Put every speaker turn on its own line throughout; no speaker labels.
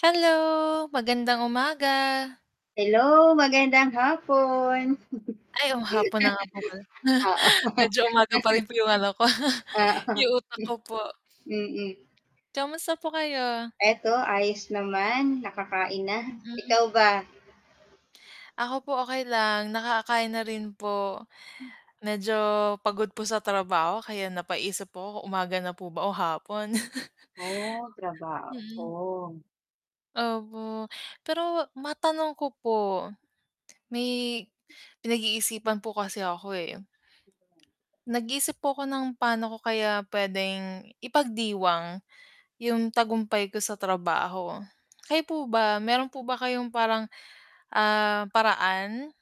Hello, magandang umaga.
Hello, magandang hapon
Ay, oo nga hapon na nga po pala.
Oo
Medyo ano pa rin po yung ano ko
Oo
yung utak ko po.
mm.
Kamusta po kayo?
'Eto ayos naman, nakakain na.
Mm.
Ikaw ba?
Ako po, okay lang nakaka-kain na rin po medyo pagod po sa trabaho, kaya napaisip po ko kung umaga na po ba o hapon.
Oo,
Mhm.
trabaho.
Opo, pero matanong ko po may pinag-iisipan po kasi ako eh. Nag-iisip po ako ng pa'no ko kaya p'wedeng ipagdiwang yung tagumpay ko sa trabaho, kayo po ba meron po ba kayong parang, ah, paraan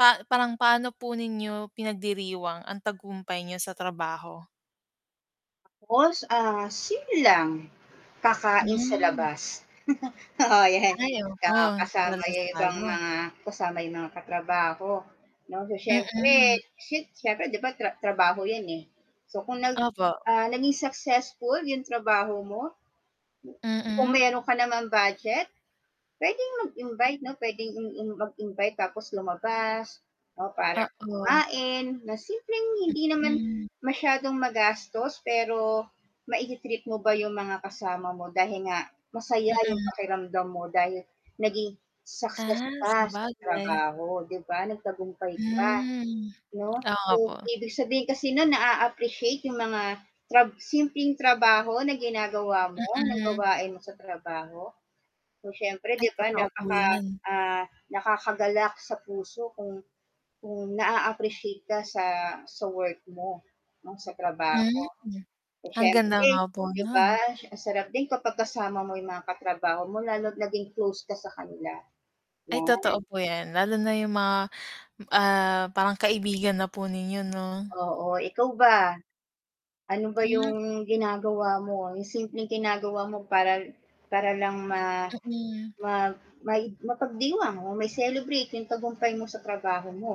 pa parang, paano po ninyo pinagdiriwang ang tagumpay niyo sa trabaho?
[unintelligible] Ah, simple lang, kakain sa
Hmm.
labas oo 'yan
Ay,
ka
opo,
kasama yung ibang
salo-salo.
mga kasama yung mga katrabaho, 'no, so, syempre
Mhm.
[unintelligible] syempre 'di ba tra trabaho 'yan, eh, so kung nag
Opo.
ah, naging successful yung trabaho mo kung
Mhm.
meron ka naman budget. pwedeng mag-invite no pwedeng mm mag-invite tapos lumabas, 'no, para
Oo.
kumain na simpleng hindi naman
Mhm.
masyadong magastos pero mai-ti-treat mo ba yung mga kasama mo dahil nga masaya yung
Mhm.
pakiramdam mo, dahil naging success
Ah,
ka sa
sabagay.
trabaho 'di ba, nagtagumpay ka,
Hmm,
'no,
oo nga
so,
po.
ibig sabihin kasi nu'n naa-appreciate yung mga tra simpleng trabaho na ginagawa mo ng
Mhm.
gawain mo sa trabaho. So, siyempre
Ay,
'di ba
totoo po
napaka
'yan.
ah, nakakagalak sa puso kung kung na-aappreciate ka sa sa work mo, 'no, sa trabaho,
Hmm,
so
ang ganda nga
siyempre
po
'di ba
nun.
ang sarap din kapag kasama mo yung mga katrabaho mo, lalo't naging close ka sa kanila,
Ay,
'no.
totoo po yan lalo na yung mga ah, parang kaibigan na po ninyo, 'no?
Oo, ikaw ba? Ano ba
Hmm.
yung ginagawa mo, yung simpleng ginagawa mo para para lang ma
Mm.
ma ma mapagdiwang o mai-celebrate yung tagumpay mo sa trabaho mo?